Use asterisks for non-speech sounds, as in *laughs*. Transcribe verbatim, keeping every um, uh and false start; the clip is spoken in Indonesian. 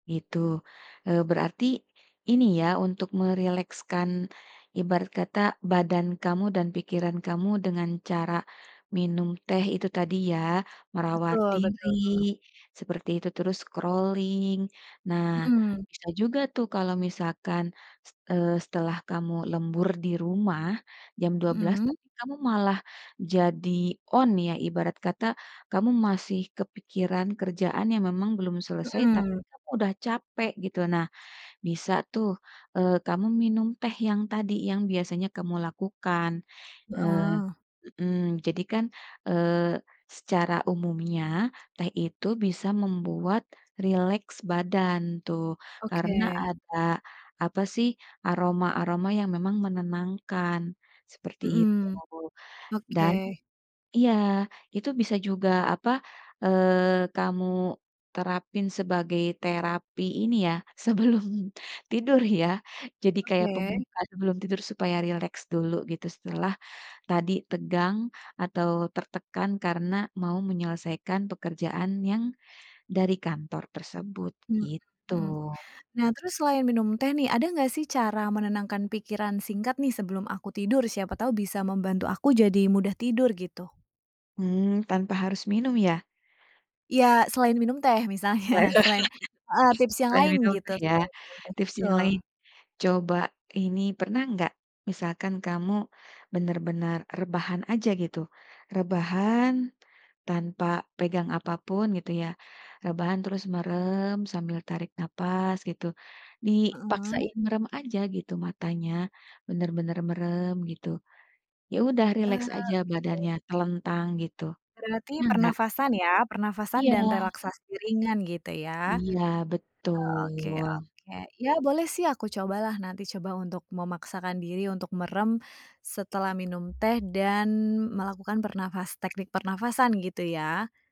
Gitu, eee, berarti, ini ya untuk merilekskan, ibarat kata badan kamu dan pikiran kamu dengan cara, minum teh itu tadi ya merawat Betul diri, betul. seperti itu terus scrolling, nah Mhm. bisa juga tuh kalau misalkan, eee, setelah kamu lembur di rumah, jam dua belas Mhm. teng kamu malah jadi on ya ibarat kata kamu masih kepikiran kerjaan yang memang belum selesai tapi Mhm. kamu udah capek gitu nah, bisa tuh, eee, kamu minum teh yang tadi yang biasanya kamu lakukan, eee, Heeh. mhm, jadi kan, eee, secara umumnya teh itu bisa membuat rileks badan tuh karena Oke. ada apa sih aroma-aroma yang memang menenangkan, seperti itu Mhm, oke. dan iya itu bisa juga apa, eee, kamu, terapin sebagai terapi ini ya sebelum tidur ya jadi kayak Oke. pembukaan sebelum tidur supaya rileks dulu gitu setelah, tadi tegang atau tertekan karena mau menyelesaikan pekerjaan yang, dari kantor tersebut Mhm gitu. mhm, nah terus selain minum teh nih ada nggak sih cara menenangkan pikiran singkat nih sebelum aku tidur? Siapa tahu bisa membantu aku jadi mudah tidur gitu. Mmm, tanpa harus minum ya? Ya selain minum teh misalnya selain heeh, *laughs* tips yang Selain lain minum gitu teh ya selain minum teh tips itu. yang lain, coba ini pernah nggak misalkan kamu bener-bener rebahan aja gitu, rebahan, tanpa pegang apa pun gitu ya, rebahan terus merem sambil tarik nafas gitu, Mhm. dipaksain merem aja gitu matanya, bener-bener merem gitu, ya udah Eee, rileks aja oke. badannya telentang gitu, Berarti pernah enggak? pernafasan ya pernafasan dan Iya. relaksasi ringan gitu ya. Iya Oke oke betul. ya boleh sih aku cobalah nanti coba untuk memaksakan diri untuk merem, setelah minum teh dan melakukan pernafas teknik pernafasan gitu ya.